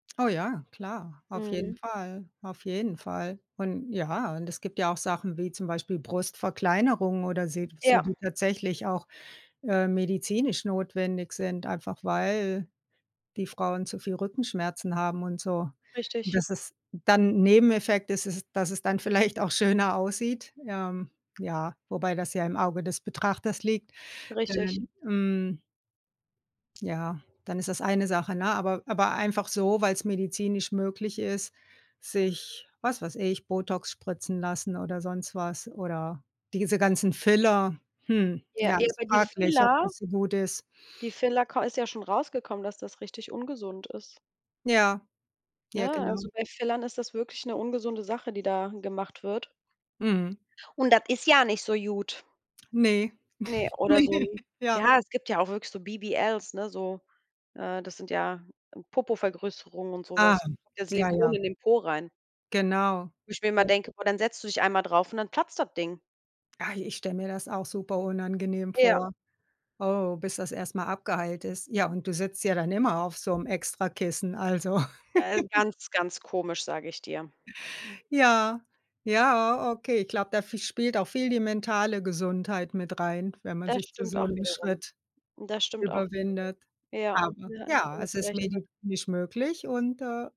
Oh ja, klar, auf jeden Mhm. Fall, auf jeden Fall. Und ja und es gibt ja auch Sachen wie zum Beispiel Brustverkleinerung oder se so, Ja. die tatsächlich auch, ähm, medizinisch notwendig sind, einfach weil die Frauen zu viel Rückenschmerzen haben und so, Richtig. dass es dann Nebeneffekt ist es dass es dann vielleicht auch schöner aussieht, ähm, ja, wobei das ja im Auge des Betrachters liegt, Richtig. denn, hm Ja, dann ist das eine Sache ne? Aber aber einfach so, weil's medizinisch möglich ist, sich was weiß ich, Botox spritzen lassen oder sonst was oder diese ganzen Filler. Hm, Ja, ja, ja ist aber die fraglich, ob Filler das so gut ist. die Filler k ist ja schon rausgekommen, dass das richtig ungesund ist. Ja. Ja, Ne, genau. also bei Fillern ist das wirklich 'ne ungesunde Sache, die da gemacht wird. Mhm. Und das ist ja nicht so gut. Ne, Ne, oder ne so ja. ja, es gibt ja auch wirklich so BBLs, ne, so äh, das sind ja Popovergrößerungen und so Ah, was. Das ja, Silikon ja. in den Po rein. Genau. Wo ich mir immer [unintelligible] denke: „Boah, dann setzt du dich einmal drauf und dann platzt das Ding.“ Ah, i ich stelle mir das auch superunangenehm Ja. vor. Oh, bis das erst mal abgeheilt ist. Ja, und du sitzt ja dann immer auf so 'nem extra Kissen. Also Ja, ganz, ganz komisch, sage ich dir. Ja, ja, okay. Ich glaube, da v spielt auch viel die mentale Gesundheit mit rein, wenn man Das sich zu stimmt so auch 'nem wiederum Schritt das stimmt auch wiederum. überwindet. Ja, Aber ja, da ja, es hast du ist recht. [unintelligible] medizinisch möglich und, äh